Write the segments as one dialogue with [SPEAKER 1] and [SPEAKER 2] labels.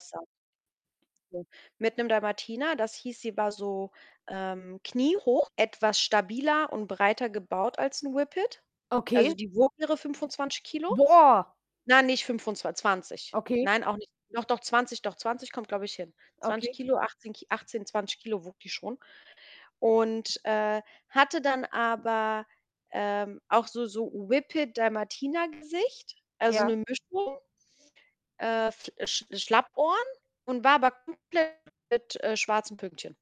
[SPEAKER 1] [unintelligible] [unintelligible] Mit 'nem Dalmatiner, das hieß, sie war so, ähm, kniehoch, etwas stabiler und breiter gebaut als 'n Whippet. Also,
[SPEAKER 2] Okay.
[SPEAKER 1] die wog ihre 25 kg.
[SPEAKER 2] Boah.
[SPEAKER 1] Nein, nicht fünfundzwan 20.
[SPEAKER 2] Okay.
[SPEAKER 1] Nein, auch nicht. Doch, doch 20, doch 20 kommt, glaube ich, hin. zwanzig
[SPEAKER 2] Okay.
[SPEAKER 1] Kilo, 18 K 18, 20 kg wog die schon und, äh, hatte dann aber auch, ähm, so so Whippet-Dalmatiner-Gesicht, also,
[SPEAKER 2] Ja.
[SPEAKER 1] 'ne Mischung. Äh, f Sch Schlappohren und war aber [unintelligible] mit, äh, schwarzen Pünktchen.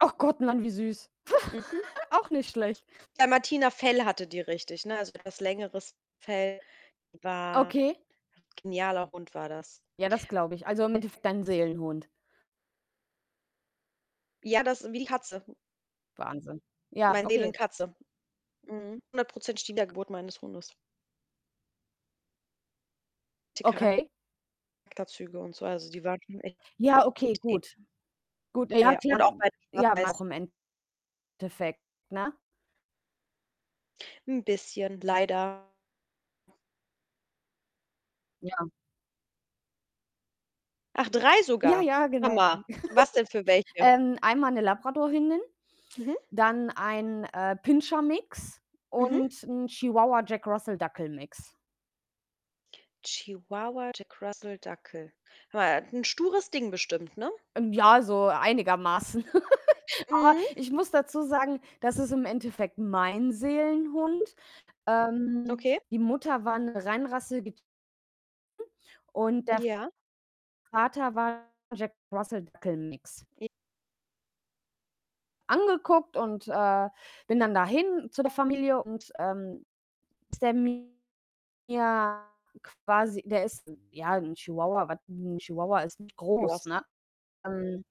[SPEAKER 2] Ach Gott, Mann, wie süß.
[SPEAKER 1] Mhm.
[SPEAKER 2] Auch nicht schlecht.
[SPEAKER 1] Dalmatiner-Fell hatte die richtig, ne, also, [unintelligible] längeres Fell, war
[SPEAKER 2] Okay.
[SPEAKER 1] genialer Hund war das.
[SPEAKER 2] Ja, das glaube ich. Also, im Endeffekt dein Seelenhund.
[SPEAKER 1] Ja, das wie die Katze.
[SPEAKER 2] Wahnsinn. Ja,
[SPEAKER 1] Meine
[SPEAKER 2] okay.
[SPEAKER 1] Seelenkatze. Mhm. 100 %ig die Wiedergeburt meines Hundes. Die
[SPEAKER 2] Okay.
[SPEAKER 1] Charakterzüge und so, also, die waren schon echt
[SPEAKER 2] Ja, okay,
[SPEAKER 1] ähn
[SPEAKER 2] gut. Gut, ja,
[SPEAKER 1] Ja.
[SPEAKER 2] klar.
[SPEAKER 1] Und auch beide
[SPEAKER 2] Ja,
[SPEAKER 1] schwarz-weiß.
[SPEAKER 2] [unintelligible] im Endeffekt, ne?
[SPEAKER 1] 'N bisschen leider.
[SPEAKER 2] Ja.
[SPEAKER 1] Ach, 3
[SPEAKER 2] Ja,
[SPEAKER 1] sogar.
[SPEAKER 2] ja, genau.
[SPEAKER 1] Hammer.
[SPEAKER 2] [unintelligible]
[SPEAKER 1] Was denn für welche?
[SPEAKER 2] Ähm, einmal 'ne Labrador-Hündin,
[SPEAKER 1] Mhm.
[SPEAKER 2] dann ein, äh, Pinscher-Mix
[SPEAKER 1] Mhm.
[SPEAKER 2] und 'n Chihuahua-Jack-Russell-Dackel-Mix.
[SPEAKER 1] Chihuahua-Jack-Russell-Dackel. Hör mal, 'n stures Ding bestimmt, ne?
[SPEAKER 2] Ähm, ja, so einigermaßen. Aber
[SPEAKER 1] Mhm.
[SPEAKER 2] ich muss dazu sagen, das ist im Endeffekt mein Seelenhund. Ähm,
[SPEAKER 1] Okay.
[SPEAKER 2] die Mutter war 'ne reinrassige [unintelligible] und der
[SPEAKER 1] Ja?
[SPEAKER 2] Vater war Jack-Russell-Dackel-Mix.
[SPEAKER 1] J
[SPEAKER 2] Angeguckt und, äh, bin dann dahin zu der Familie und, ähm, [unintelligible] ja, quasi, der ist, ja, 'n Chihuahua, was 'n Chihuahua ist nicht groß,
[SPEAKER 1] Was
[SPEAKER 2] ne? Ähm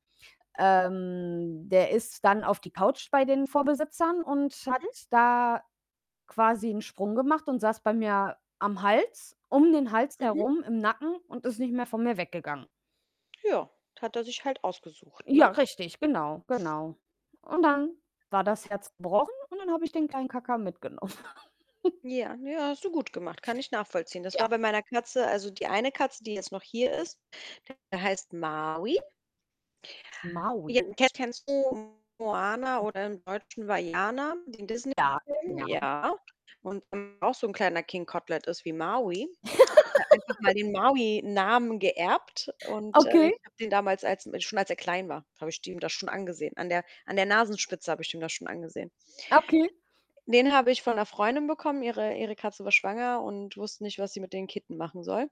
[SPEAKER 2] ähm, der ist dann auf die Couch bei den Vorbesitzern und hat
[SPEAKER 1] Mhm.
[SPEAKER 2] da quasi 'n Sprung gemacht und saß bei mir am Hals um den Hals
[SPEAKER 1] Mhm.
[SPEAKER 2] herum im Nacken und ist nicht mehr von mir weggegangen.
[SPEAKER 1] Ja, hat er sich halt ausgesucht, ne?
[SPEAKER 2] Ja, richtig, genau, genau. Und dann war das Herz gebrochen und dann habe ich den kleinen Kacka mitgenommen.
[SPEAKER 1] Ja, ja, hast du gut gemacht, kann ich nachvollziehen. Das
[SPEAKER 2] Ja.
[SPEAKER 1] war bei meiner Katze also, die eine Katze, die jetzt noch hier ist, [unintelligible] heißt Maui. Ja,
[SPEAKER 2] Maui.
[SPEAKER 1] ke kennst du Moana oder im Deutschen war Vaiana, den Disney
[SPEAKER 2] Ja,
[SPEAKER 1] Film,
[SPEAKER 2] ja.
[SPEAKER 1] ja. Und [unintelligible] auch so 'n kleiner King Kotelett ist wie Maui. Hat er einfach mal den Maui-Namen geerbt und, äh,
[SPEAKER 2] Okay.
[SPEAKER 1] ich habe den damals als schon als er klein war, habe ich dem das schon angesehen. An der an der Nasenspitze habe ich ihm das schon angesehen.
[SPEAKER 2] Okay.
[SPEAKER 1] Den habe ich von 'ner Freundin bekommen. Ihre ihre Katze war schwanger und wusste nicht, was sie mit den Kitten machen soll.